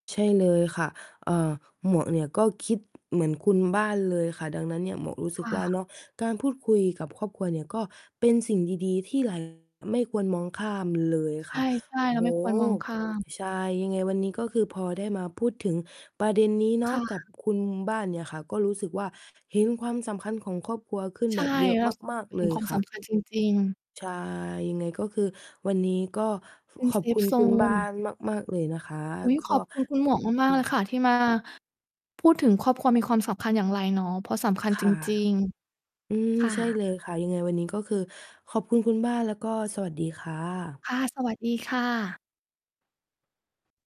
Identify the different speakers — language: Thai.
Speaker 1: ใช่เลยค่ะ เอ่อ หมวกเนี่ยก็คิดเหมือนคุณบ้านเลยค่ะ ดังนั้นเนี่ย หมวกรู้ส
Speaker 2: ค
Speaker 1: ึก
Speaker 2: ่
Speaker 1: ว่า
Speaker 2: ะ
Speaker 1: เนาะ การพูดคุยกับครอบครัวเนี่ยก็เป็นสิ่งดี ๆ ที่ เรา ไม่ควรมองข้ามเลย
Speaker 2: ใช
Speaker 1: ค่ะ
Speaker 2: ่
Speaker 1: โอ
Speaker 2: ๆ
Speaker 1: ้
Speaker 2: เรา
Speaker 1: โฮ
Speaker 2: ไม่ควรมองข้าม
Speaker 1: ใช่ ยังไงวันนี้ก็คือพอได้มาพูดถึงประเด็นนี้เน
Speaker 2: ค
Speaker 1: าะ
Speaker 2: ่
Speaker 1: กั
Speaker 2: ะ
Speaker 1: บคุณบ้านเนี่ยค่ะก็รู้สึกว่า เห็นความสำคัญของครอบครัวขึ้น
Speaker 2: ใช
Speaker 1: แบ
Speaker 2: ่
Speaker 1: บเยอะ
Speaker 2: เรา
Speaker 1: มาก
Speaker 2: เ
Speaker 1: ๆ
Speaker 2: ห
Speaker 1: เ
Speaker 2: ็
Speaker 1: ล
Speaker 2: น
Speaker 1: ย
Speaker 2: ความ
Speaker 1: ค
Speaker 2: ส
Speaker 1: ่ะ
Speaker 2: ำคัญจริง ๆ
Speaker 1: ใช่ ยังไงก็คือวันนี้ก็
Speaker 2: เป็น
Speaker 1: ขอ
Speaker 2: เซ
Speaker 1: บค
Speaker 2: ฟ
Speaker 1: ุณ
Speaker 2: โซ
Speaker 1: คุณบ้า
Speaker 2: น
Speaker 1: นมาก ๆ เลยนะคะ
Speaker 2: อุ๊ย
Speaker 1: ก็
Speaker 2: ขอบคุณคุณหมวกมา
Speaker 1: อื
Speaker 2: ก ๆ เลยค
Speaker 1: ม
Speaker 2: ่ะ ที่ มา พูดถึงครอบครัวมีความสำคัญอย่างไรเนาะ เพราะสำคัญ
Speaker 1: ค
Speaker 2: จ
Speaker 1: ่ะ
Speaker 2: ริง
Speaker 1: อืม
Speaker 2: ๆ ค่
Speaker 1: ใช่
Speaker 2: ะ
Speaker 1: เลยค่ะ ยังไงวันนี้ก็คือขอบคุณคุณบ้าน แล้วก็สวัสดีค่ะ
Speaker 2: ค่ะ สวัสดีค่ะ